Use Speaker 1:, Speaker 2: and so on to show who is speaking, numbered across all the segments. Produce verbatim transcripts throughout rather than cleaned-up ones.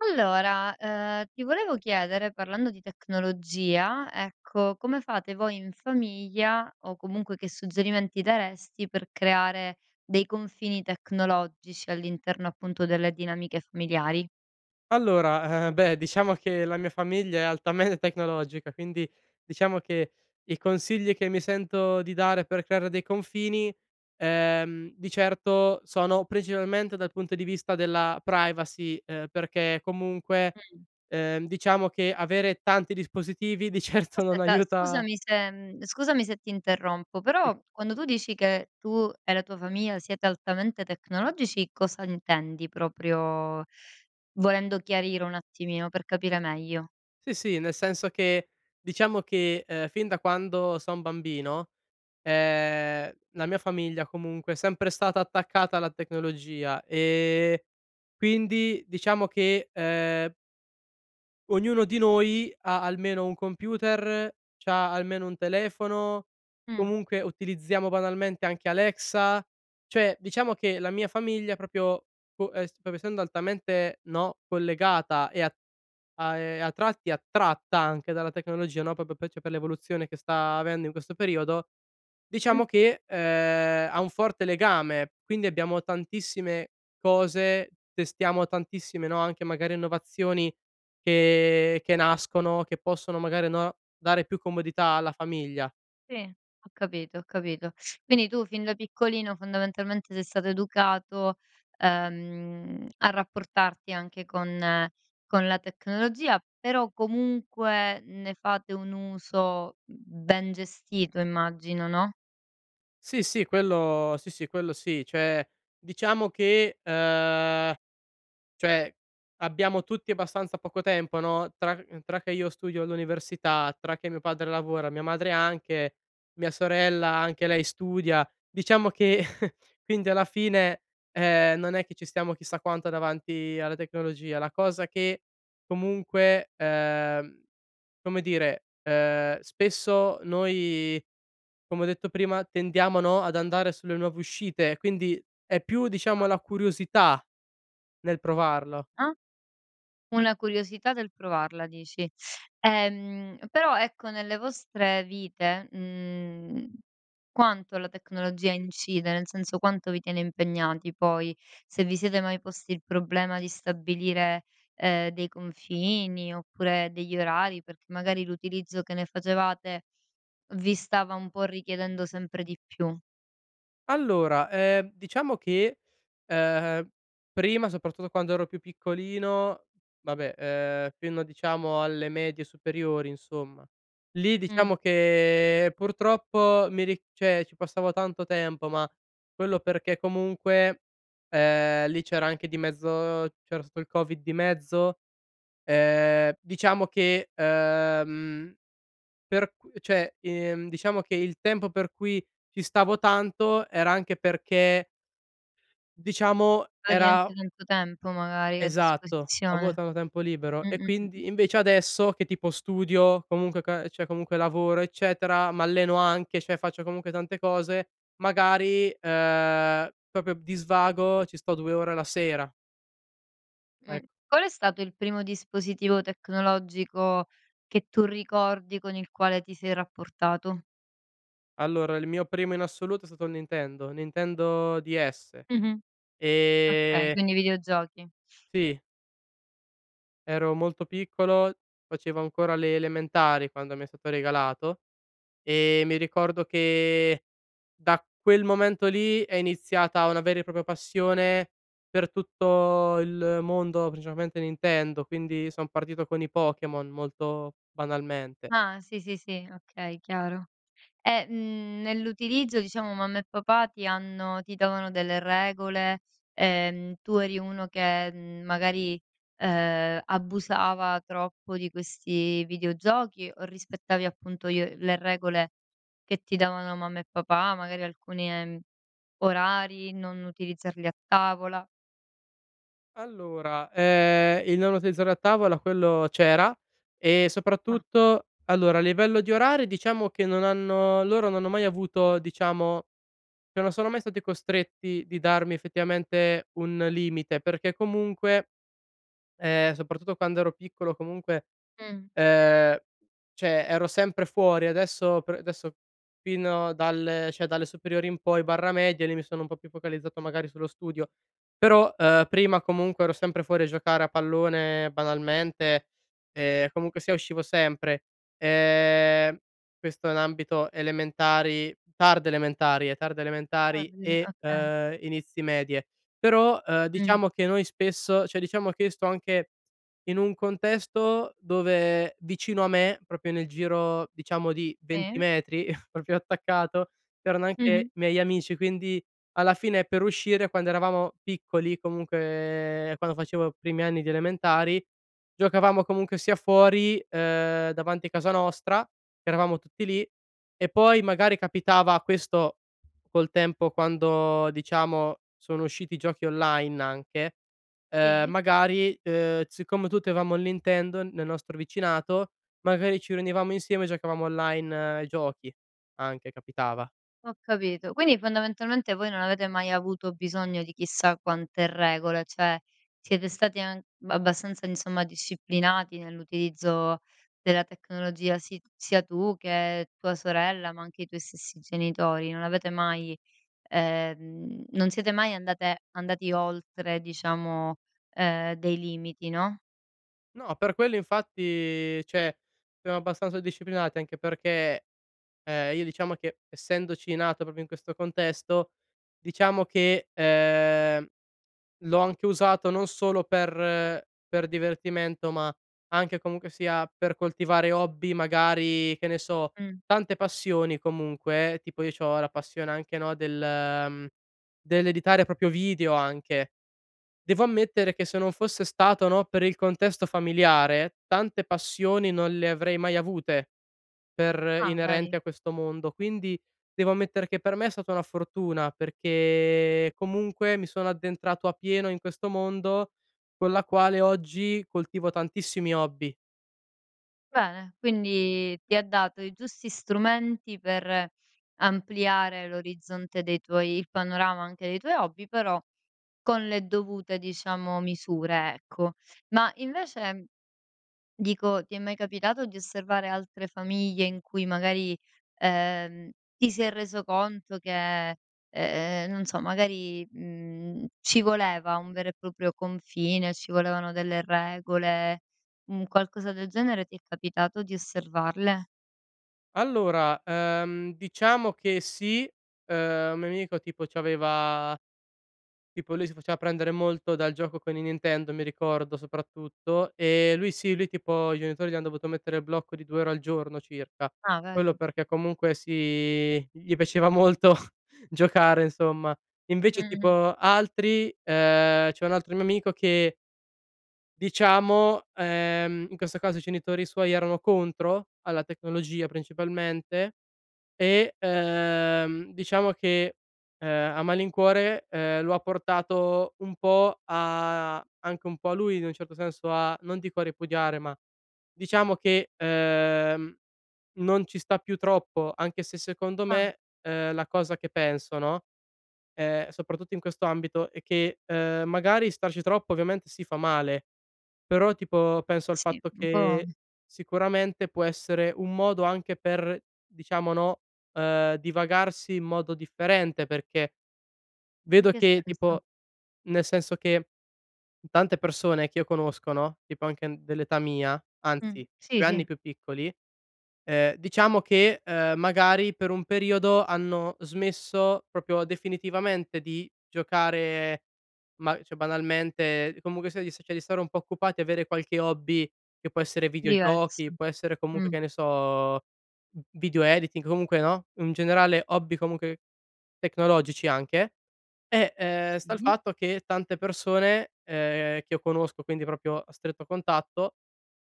Speaker 1: Allora, ehm, ti volevo chiedere, parlando di tecnologia, ecco: come fate voi in famiglia o comunque che suggerimenti daresti, per creare dei confini tecnologici all'interno, appunto, delle dinamiche familiari?
Speaker 2: Allora, eh, beh, diciamo che la mia famiglia è altame tecnologica, quindi, diciamo che i consigli che mi sento di dare per creare dei confini, ehm, di certo sono principalmente dal punto di vista della privacy. Ehm, perché comunque,
Speaker 1: Mh.
Speaker 2: ehm, diciamo che avere tanti dispositivi di certo non
Speaker 1: Aspetta,
Speaker 2: aiuta
Speaker 1: scusami se mhmm, scusami se ti interrompo,
Speaker 2: i.
Speaker 1: però quando tu dici che, tu e la tua famiglia siete altamente tecnologici, cosa intendi? Proprio volendo chiarire un attimino per capire meglio.
Speaker 2: Sì, sì. Nel senso che diciamo che, ehm, fin da quando son bambino, ehm, la mia famiglia comunque, è sempre stata attaccata alla tecnologia. Ehm, quindi, diciamo che, ehm, ognuno di noi, ha almeno un computer, c'ha almeno un telefono,
Speaker 1: Mh.
Speaker 2: comunque utilizziamo banalmente anche Alexa. Cioè, diciamo che la mia famiglia propio po es proprio essendo altamente, no, collegata e a a e a tratti attratta anche dalla tecnologia, no, propo per l'evoluzione che sta avendo in questo periodo,
Speaker 1: Mh.
Speaker 2: diciamo che, ehm, ha un forte legame. Quindi, abbiamo tantissime cose, testiamo tantissime, no, anche magari, innovazioni che che nascono che possono magari, no, dare più comodità alla famiglia.
Speaker 1: Sì, ho capito, ho capito. Quindi, tu fin da piccolino fondamentalmente sei stato educato, ehm, a rapportarti anche con con la tecnologia, però comunque, ne fate un uso, mhmm, ben gestito immagino, no?
Speaker 2: Sì, sì. Quello sì, sì, quello sì. ceh, diciamo che ehm, cioè, abbiamo tutti abbastanza poco tempo, no, tra c tra che io studio all'università, tra che mio padre lavora, mia madre anche, mia sorella anche lei studia, diciamo che quindi, alla fine, ehm, non è che ci stiamo chissà quanto davanti alla tecnologia. La cosa che comunque, ehm, come dire, ehm, spesso noi, come ho detto prima, tendiamo, no, ad andare sulle nuove uscite. Quindi, è più diciamo,
Speaker 1: Ah.
Speaker 2: la curiosità nel provarlo.
Speaker 1: Ah. Una curiosità del provarla dici. Ehm, però ecco, nelle vostre vite, mhmm, quanto la tecnologia incide? Nel senso, quanto vi tiene impegnati, poi? Se vi siete mai posti il problema di stabilire, ehm, dei confini oppure degli orari? Perché magari, l'utilizzo che ne facevate vi stava un po' richiedendo sempre di più.
Speaker 2: Allora, ehm, diciamo che, ehm, prima soprattutto quando ero più piccolino vabbè, ehm, fino diciamo alle medie, superiori insomma. Lì,
Speaker 1: Mh.
Speaker 2: diciamo che purtroppo mi ri ceh, ci passavo tanto tempo, ma quello perché comunque, ehm, lì c'era anche di mezzo c'era stato il covid di mezzo, ehm, diciamo che, ehm, per qu ceh, ehm, diciamo che il tempo per cui ci stavo tanto era anche perché diciamo
Speaker 1: Avevi
Speaker 2: era
Speaker 1: anche tanto tempo magari a
Speaker 2: Esatto, avo
Speaker 1: disposizione.
Speaker 2: tanto tempo libero e
Speaker 1: Mh-mh. Mh-mh.
Speaker 2: quindi invece adesso, che tipo studio comunque, ca ceh, comunque lavoro eccetera, m'alleno anche ceh, faccio comunque, tante cose, magari, ehm, proprio di svago ci sto due ore la sera.
Speaker 1: Mh.
Speaker 2: Ecc
Speaker 1: Qual è stato il primo dispositivo tecnologico che tu ricordi, con il quale ti sei rapportato?
Speaker 2: Allora, il mio primo in assoluto è stato il Nintendo. Nintendo Ds.
Speaker 1: Mh-mh. Okay,
Speaker 2: Ehm
Speaker 1: quindi videogiochi.
Speaker 2: Sì. Ero molto piccolo, facevo ancora le elementari quando mi è stato regalato. Ehm, mi ricordo che da quel momento lì, è iniziata una vera e propria passione per tutto il mondo, principalmente Nintendo. Quindi son partito con i Pokémon, molto banalmente.
Speaker 1: Ah, sì, sì, sì. Okay chiaro, e, mhmm, nell'utilizzo diciamo, mamma e papà ti hanno ti davano delle regole? Ehm, tu eri uno che, mhmm, magari, ehm, abusava troppo di questi videogiochi? O rispettavi, appunto, i o le regole che ti davano mamma e papà, magari alcuni, ehm, orari, non utilizzarli a tavola?
Speaker 2: Allora, ehm, il non utilizzarlo a tavola quello c'era, e
Speaker 1: Ah.
Speaker 2: soprattutto allora a livello di orari, diciamo che non hanno loro non hanno mai avuto, diciamo che non sono mai stati costretti di darmi effettivamente, un limite perché comunque ehm, soprattutto quando ero piccolo, comunque,
Speaker 1: Mh.
Speaker 2: ehm, ceh, ero sempre fuori. Adesso pr adesso fino dalle ceh, dalle superiori in poi barra, medie, lì mi sono un po' più focalizzato magari sullo studio. Però, ehm, prima comunque ero sempre fuori a giocare a pallone banalmente, ehm, comunque sia uscivo sempre. Ehm, questo in ambito elementari, tarde elementari, ehm, tarde elementari
Speaker 1: Ordine
Speaker 2: e
Speaker 1: okay.
Speaker 2: inizi medie. Però, uhm,
Speaker 1: Mh.
Speaker 2: diciamo che noi spesso ceh, diciamo che io sto anche in un contesto dove vicino a me, proprio nel giro diciamo, di venti
Speaker 1: Sì.
Speaker 2: metri proprio attaccato, c'erano
Speaker 1: Mh-mh.
Speaker 2: anche miei amici. Quindi, alla fine, per uscire quando eravamo piccoli, comunque, ehm, quando facevo i primi anni di elementari, giocavamo comunque sia fuori, ehm, davanti casa nostra che eravamo tutti lì, e poi magari capitava questo col tempo quando diciamo sono usciti i giochi online anche, ehm,
Speaker 1: Sì.
Speaker 2: magari, ehm, siccome tutti avevamo il Nintendo nel nostro vicinato, magari ci riunivamo insieme giocavamo online ai giochi, anche capitava.
Speaker 1: Ho capito. Quindi, fondamentalmente voi non avete mai avuto bisogno di chissà quante regole. ceh, siete stati an abbastanza, insomma, disciplinati nell'utilizzo della tecnologia, si sia tu che tua sorella, ma anche i tuoi stessi genitori. Non avete mai, ehm, non siete mai andate andati oltre diciamo, ehm, dei limiti no?
Speaker 2: No, per quello infatti ceh, abbastanza disciplinati anche perché, ehm, io diciamo che essendoci nato proprio in questo contesto, diciamo che, ehm, l'ho anche usato non solo per per divertimento, ma anche comunque sia per coltivare hobby magari che ne so,
Speaker 1: Mh.
Speaker 2: tante passioni, comunque, eh, tipo io c'ho la passione anche, no, del, mhmm, dell'editare propio video anche. Devo ammettere che se non fosse stato, no, per il contesto familiare tante passioni non le avrei mai avute per
Speaker 1: Ah,
Speaker 2: inerenti
Speaker 1: vedi?
Speaker 2: a questo mondo. Quindi, devo ammettere che per me è stata una fortuna, perché comunque mi sono addentrato appieno in questo mondo, con la quale oggi coltivo tantissimi hobby.
Speaker 1: Bene, quindi ti ha dato i giusti strumenti per ampliare l'orizzonte dei tuoi il panorama anche dei tuoi hobby, però con le dovute diciamo misure, ecco. Ma, invece dico, ti è mai capitato di osservare altre famiglie in cui magari, ehm, ti sei reso conto che, ehm, non so magari, mhmm, ci voleva un vero e propio confine, ci volevano delle regole, un qualcosa del genere ti è capitato di osservarle?
Speaker 2: Allora, ehm, diciamo che sì, ehm, un mio amico tipo c'aveva tipo lui si faceva prendere molto dal gioco con i Nintendo mi ricordo, soprattutto. Ehm, lui sì, lui tipo i genitori gli hanno dovuto mettere il blocco di due ore al giorno circa.
Speaker 1: Ah,
Speaker 2: Quello
Speaker 1: vei?
Speaker 2: perché comunque, si, gli piaceva molto giocare, insomma. Invece
Speaker 1: Mh-mh.
Speaker 2: tipo, altri ehm, c'è un altro mio amico che diciamo, ehm, in questo caso i cenitori suoi erano contro alla tecnologia principalmente. E, ehm, diciamo che, ehm, a malincuore, ehm, lo ha portato un po' a anche un po' a lui in un certo senso a non dico a ripudiare, ma diciamo che, ehm, non ci sta più troppo. Anche se secondo
Speaker 1: Ah.
Speaker 2: me, ehm, la cosa che penso, no, ehm, soprattutto in questo ambito è che, ehm, magari starci troppo, ovviamente sì, fa male, però, tipo, penso al
Speaker 1: Sì,
Speaker 2: fatto
Speaker 1: un po'
Speaker 2: che sicuramente, può essere un modo anche per diciamo, no, ehm, divagarsi in modo differente. Perché
Speaker 1: In
Speaker 2: vedo
Speaker 1: che
Speaker 2: che
Speaker 1: senso?
Speaker 2: tipo nel senso che tante persone che io conosco, no, tipo anche dell'età mia,
Speaker 1: Mh.
Speaker 2: anzi
Speaker 1: Sì,
Speaker 2: due anni
Speaker 1: sì.
Speaker 2: più piccoli, ehm, diciamo che, ehm, magari per un periodo hanno smesso propio definitivamente di giocare ma, ceh banalmente comunque sia di ceh, di stare un po' occupati e avere qualche hobby che può essere
Speaker 1: Diversi.
Speaker 2: videogiochi, può essere comunque,
Speaker 1: Mh.
Speaker 2: che ne so, v video editing comunque no, in generale hobby comunque tecnologici anche. E, ehm, sta il
Speaker 1: Sì.
Speaker 2: fatto che tante persone, ehm, che io conosco, quindi propio a stretto contatto,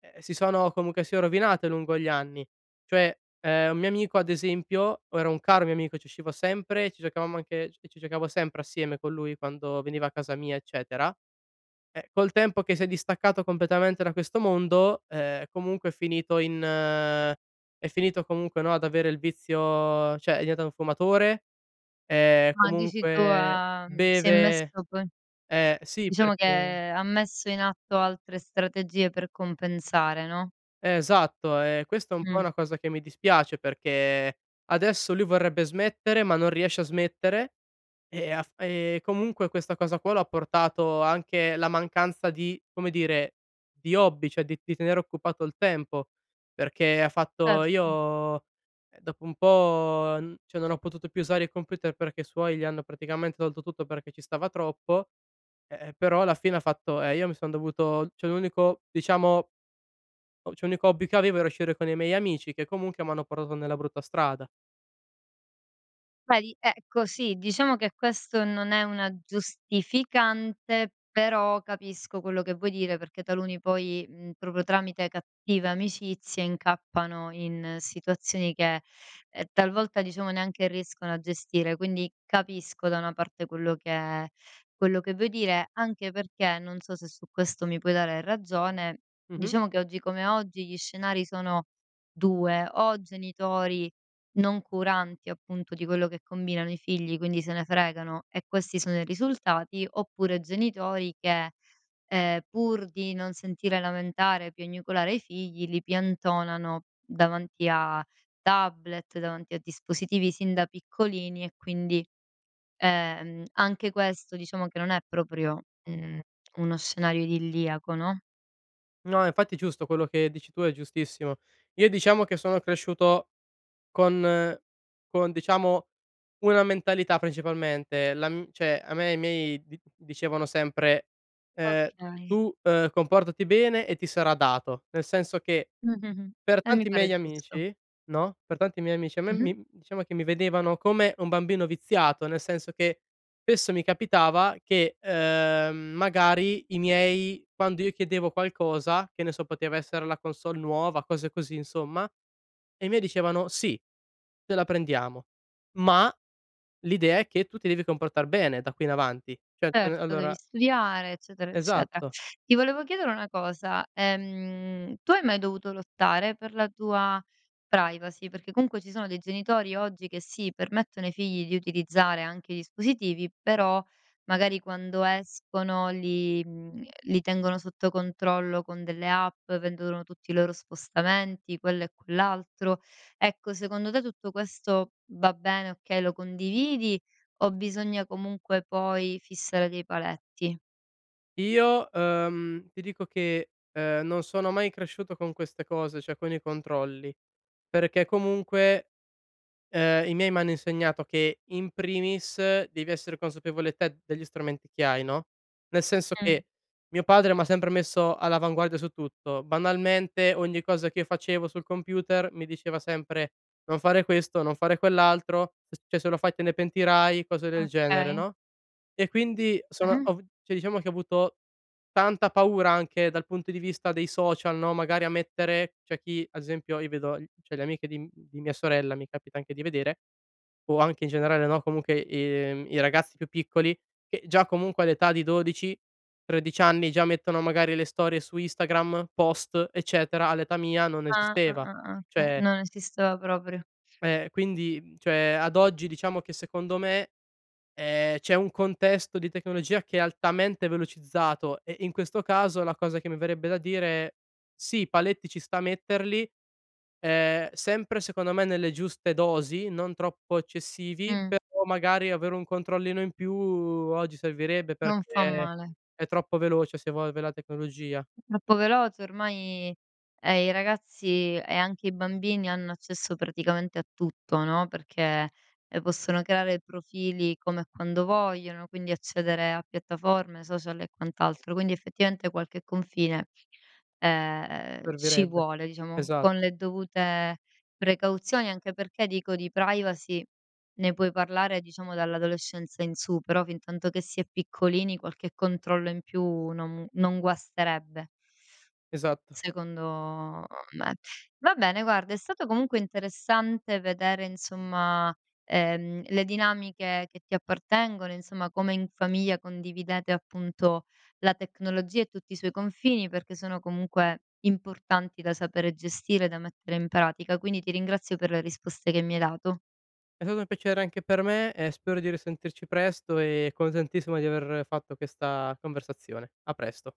Speaker 2: ehm, si sono, comunque sia, rovinate lungo gli anni. Cioè, ehm, un mio amico ad esempio, o era un caro mio amico ci uscivo sempre, e ci giocavamo anche ci ci giocavo sempre assieme con lui, quando veniva a casa mia, eccetera eh, col tempo che si è distaccato completamente da questo mondo, ehm, comunque è finito in è finito comunque, no, ad avere il vizio ceh, è diventato un fumatore, ehm,
Speaker 1: Ah, dici tu
Speaker 2: comunque
Speaker 1: ah mhmm, si è
Speaker 2: beve
Speaker 1: messo con
Speaker 2: eh, sì
Speaker 1: diciamo
Speaker 2: perché
Speaker 1: che ha messo in atto altre strategie per compensare, no?
Speaker 2: Eh, esatto. E questa è un po'
Speaker 1: Mh.
Speaker 2: una cosa che mi dispiace, perché, adesso lui vorrebbe smettere ma non riesce a smettere. E af e comunque, questa cosa qua l'ha portato anche la mancanza di, come dire, di hobby, ceh di di tenere occupato il tempo. Perché ha fatto:
Speaker 1: Certo.
Speaker 2: "Io, ehm, dopo un po', n ceh non ho potuto più usare il computer." Perché i suoi gli hanno praticamente tolto tutto, perché ci stava troppo. Eh, e però, alla fine ha fatto: "Ehm, io mi son dovuto ceh, l'unico, diciamo o ceh, unico hobby che avevo era uscire con i miei amici che comunque m'hanno portato nella brutta strada."
Speaker 1: Vedi? Ecco sì, diciamo che questo non è una giustificante, però capisco quello che vuoi dire. Perché taluni poi, mhmm, proprio tramite cattive amicizie, incappano in situazioni che, ehm, talvolta diciamo neanche riescono a gestire. Quindi, capisco da una parte, quello che quello che vuoi dire. Anche perché, non so se su questo mi puoi dare ragione,
Speaker 2: Mh-mh.
Speaker 1: diciamo che oggi come oggi gli scenari sono due: o genitori non curanti, appunto, di quello che combinano i figli. Quindi, se ne fregano e questi sono i risultati, oppure genitori che, ehm, pur di non sentire lamentare, piagnucolare i figli, li piantonano davanti a tablet, davanti a dispositivi sin da piccolini e quindi, ehm, anche questo, diciamo che non è proprio, mhmm, uno scenario idilliaco, no?
Speaker 2: No, infatti giusto quello che dici tu è giustissimo. Io diciamo che sono cresciuto con con diciamo una mentalità principalmente. La m ceh, a me e i miei di dicevano sempre, ehm:
Speaker 1: Okay.
Speaker 2: "Tu, ehm, comportati bene e ti sarà dato." Nel senso che
Speaker 1: Mh. Mh-mh,
Speaker 2: per
Speaker 1: e mi
Speaker 2: tanti
Speaker 1: pare
Speaker 2: miei
Speaker 1: giusto.
Speaker 2: amici, no, per tanti miei amici a me
Speaker 1: Mh-mh.
Speaker 2: mi diciamo che mi vedevano come un bambino viziato, nel senso che spesso mi capitava che, ehm, magari i miei quando io chiedevo qualcosa che ne so, poteva essere la consolle nuova, cose così insomma, e i miei dicevano: "Sì, te la prendiamo, ma l'idea è che tu ti devi comportar bene da qui in avanti." ceh, t
Speaker 1: Certo, devi
Speaker 2: allora
Speaker 1: studiare eccetera, eccetera.
Speaker 2: Esatto.
Speaker 1: Ti volevo chiedere una cosa: ehm, tu hai mai dovuto lottare per la tua privacy? Perché comunque ci sono dei genitori oggi che sì, permettono ai figli di utilizzare anche i dispositivi, però magari quando escono li, mhmm, li tengono sotto controllo con delle app, vedono tutti i loro spostamenti, quello e quell'altro ecco secondo te, tutto questo va bene, okay, lo condividi o bisogna comunque poi, fissare dei paletti?
Speaker 2: Io, ehm ti dico che, ehm, non sono mai cresciuto con queste cose, ceh con i controlli, perché comunque, ehm, i miei m'hanno insegnato che in primis, devi essere consapevole te degli strumenti che hai, no, nel senso
Speaker 1: Mh.
Speaker 2: che, mio padre m'ha sempre messo all'avanguardia su tutto. Banalmente, ogni cosa che facevo sul computer, mi diceva sempre: "Non fare questo, non fare quell'altro, s ceh se lo fai, te ne pentirai." Cose del genere,
Speaker 1: Okay.
Speaker 2: no, e quindi son
Speaker 1: Mh-mh.
Speaker 2: ov ceh, diciamo che ho avuto tanta paura anche dal punto di vista dei social, no, magari a mettere c'è chi, ad esempio, io vedo i ceh le amiche di m di mia sorella mi capita anche di vedere o anche in generale, no, comunque i i ragazzi più piccoli, che già comunque, all'età di dodici tredici anni, già mettono magari le storie su Instagram, post, eccetera. All'età mia, non
Speaker 1: Ah. Ah,
Speaker 2: esisteva.
Speaker 1: ah, ah oche
Speaker 2: ceh
Speaker 1: non esisteva proprio.
Speaker 2: ehm, quindi, mhmm, cioè, ad oggi, diciamo che secondo me, ehm, c'è un contesto di tecnologia che è altamente velocizzato, eh, e in questo caso la cosa che mi verrebbe da dire: "Sì, paletti ci sta metterli, ehm, sempre secondo me nelle giuste dosi, non troppo eccessivi.
Speaker 1: Mh.
Speaker 2: Però magari avere un controllino in più, oggi servirebbe,
Speaker 1: Non fa
Speaker 2: perché
Speaker 1: male.
Speaker 2: è troppo veloce si evolve la tecnologia."
Speaker 1: Troppo veloce ormai e i ragazzi e anche i bambini hanno accesso praticamente a tutto, no, perché, ehm, possono creare profili come e quando vogliono, quindi accedere a piattaforme, social e quant'altro. Quindi, effettivamente qualche confine, ehm, ci
Speaker 2: Servirebbe.
Speaker 1: vuole, diciamo. Con
Speaker 2: Esatt
Speaker 1: le dovute precauzioni, anche perché, dico, di privacy ne puoi parlare diciamo dall'adolescenza in su, però fintanto che si è piccolini, qualche controllo in più non, mhmm, non guasterebbe
Speaker 2: Esatto.
Speaker 1: secondo me. Va bene, guarda, è stato comunque interessante vedere, insomma, ehm, le dinamiche che ti appartengono. Insomma, come in famiglia condividete, appunto, la tecnologia e tutti i suoi confini. Perché sono comunque importanti da sapere gestire e da mettere in pratica, quindi ti ringrazio per le risposte che mi hai dato.
Speaker 2: È stato un piacere anche per me, e spero di risentirci presto e contentissimo di aver fatto questa conversazione. A presto.